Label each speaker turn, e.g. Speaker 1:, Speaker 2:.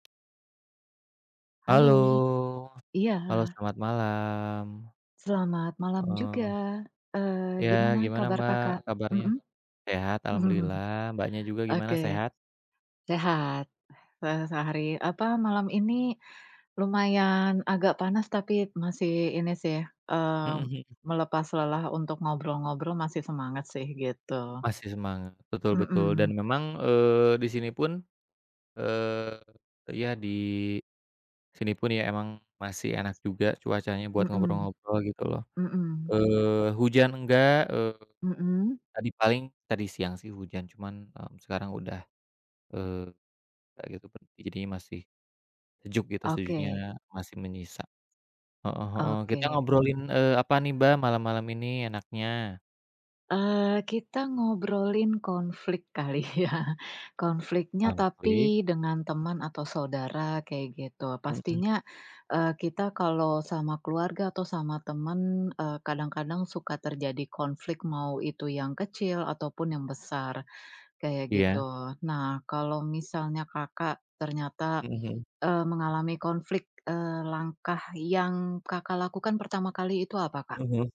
Speaker 1: Halo,
Speaker 2: Halo. Iya.
Speaker 1: halo, selamat malam.
Speaker 2: Selamat malam
Speaker 1: Eee
Speaker 2: juga. Eee,
Speaker 1: Ya,
Speaker 2: gimana
Speaker 1: gimana,
Speaker 2: kabar
Speaker 1: Mbak,
Speaker 2: Kakak?
Speaker 1: kabarnya?
Speaker 2: Mhm.
Speaker 1: Sehat alhamdulillah, Mbaknya juga gimana,
Speaker 2: Oke.
Speaker 1: sehat?
Speaker 2: Sehat, se sehari apa, malam ini lumayan agak panas tapi masih ini sih, eee,
Speaker 1: Mhm mhm.
Speaker 2: melepas lelah, untuk ngobrol-ngobrol masih semangat sih, gitu.
Speaker 1: Masih semangat, betul betul, dan
Speaker 2: Mhm.
Speaker 1: memang, eee, di sini pun eee, ya di sini pun ya emang masih enak juga cuacanya buat
Speaker 2: Mhm.
Speaker 1: ngobrol-ngobrol gitu loh,
Speaker 2: Mhm.
Speaker 1: eee, hujan enggak, eee,
Speaker 2: Mhm.
Speaker 1: tadi paling tadi siang sih hujan, cuman, eee, sekarang udah, eee, kayak gitu per jadinya masih sejuk gitu, sejuknya
Speaker 2: Oke.
Speaker 1: masih menyisa. Heeh heeh,
Speaker 2: Oke.
Speaker 1: kita ngobrolin, eee, apa nih Mbak malam-malam ini enaknya?
Speaker 2: Eee, kita ngobrolin konflik kali ya. Konfliknya
Speaker 1: Konflik.
Speaker 2: tapi dengan teman atau saudara kaya gitu.
Speaker 1: Mhm.
Speaker 2: Pastinya, eee, kita kalau sama keluarga atau sama teman, eee, kadang-kadang suka terjadi konflik, mau itu yang kecil ataupun yang besar, kayak
Speaker 1: Iya.
Speaker 2: gitu. Nah, kalau misalnya Kakak ternyata,
Speaker 1: Mhm mhm.
Speaker 2: eee, mengalami konflik, eee, langkah yang Kakak lakukan pertama kali itu apa, Kak?
Speaker 1: Mhm.